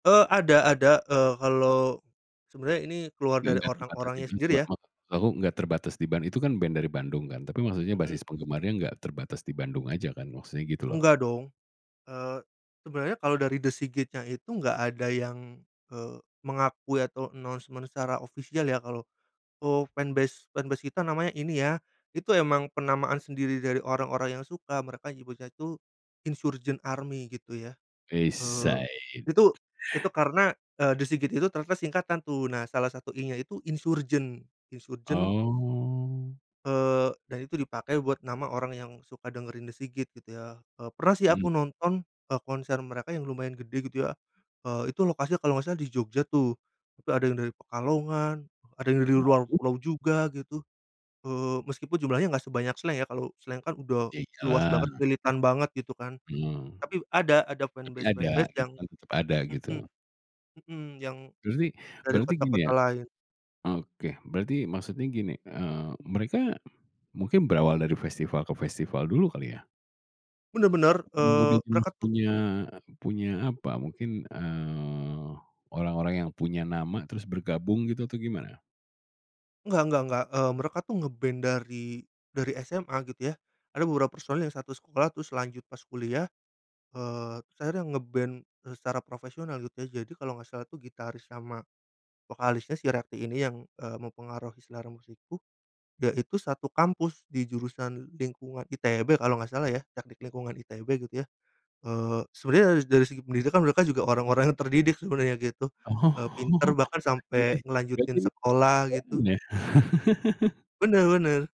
Eee, ada ada, eee, kalau sebenernya ini keluar dari Enggak enggak terbatas di orang-orangnya Bandung juga, sendiri ya. maksud aku enggak terbatas di Band itu kan band dari Bandung kan? Tapi maksudnya basis Mhm. penggemarnya enggak terbatas di Bandung aja kan? Maksudnya gitu loh. Enggak dong, eee, sebenarnya kalau dari The S.I.G.I.T itu enggak ada yang, eee, mengakui atau announcement secara official ya kalau, "Oh fanbase fanbase kita namanya ini ya," itu emang penamaan sendiri dari orang-orang yang suka mereka menyebutnya itu Insurgent Army gitu ya. Wes Eee said. itu itu [unintelligible] karena, eee, The S.I.G.I.T itu ternyata singkatan tuh. Nah, salah satu I nya itu Insurgent. Insurgent. Oh. Eee, dan itu dipakai buat nama orang yang suka dengerin The S.I.G.I.T gitu ya, pernah sih Mhm. aku nonton, eee, konser mereka yang lumayan gede gitu ya. Eee itu lokasi kalau enggak salah di Jogja tuh tapi ada yang dari Pekalongan, ada yang dari luar Waduh. pulau juga gitu. Eee, meskipun jumlahnya enggak sebanyak Slank ya, kalo Slank kan udah Ya, luas banget, iyalah. militan banget gitu kan. Eee. Tapi ada, ada Tapi ada fanbase-fanbase gitu, yang kan tetap ada mhm. gitu. Mhm, yang Berarti dari berarti gini kota-kota ya. lain. Oke, berarti maksudnya gini, eee, mereka mungkin berawal dari festival ke festival dulu kali ya? Bener bener, eee, Kemudian mereka tuh punya punya apa mungkin, eee, orang-orang yang punya nama, terus bergabung gitu atau gimana? Enggak enggak enggak, eee, mereka tuh ngeband dari dari SMA gitu ya. Ada beberapa personil yang satu sekolah terus lanjut pas kuliah, eee, terus akhirnya ngeband secara profesional gitu ya. Jadi, kalo enggak salah tuh gitaris sama vokalisnya si Rafi ini yang, eee, mempengaruhi selera musikku yaitu satu kampus di jurusan lingkungan ITB kalo enggak salah ya, Teknik Lingkungan ITB gitu ya. Eee, sebenarnya dari dari segi pendidikan mereka juga orang-orang yang terdidik sebenarnya gitu, Oh, eee, pinter bahkan sampai berarti berarti ngelanjutin sekolah [unintelligible] gitu. ya? Bener bener.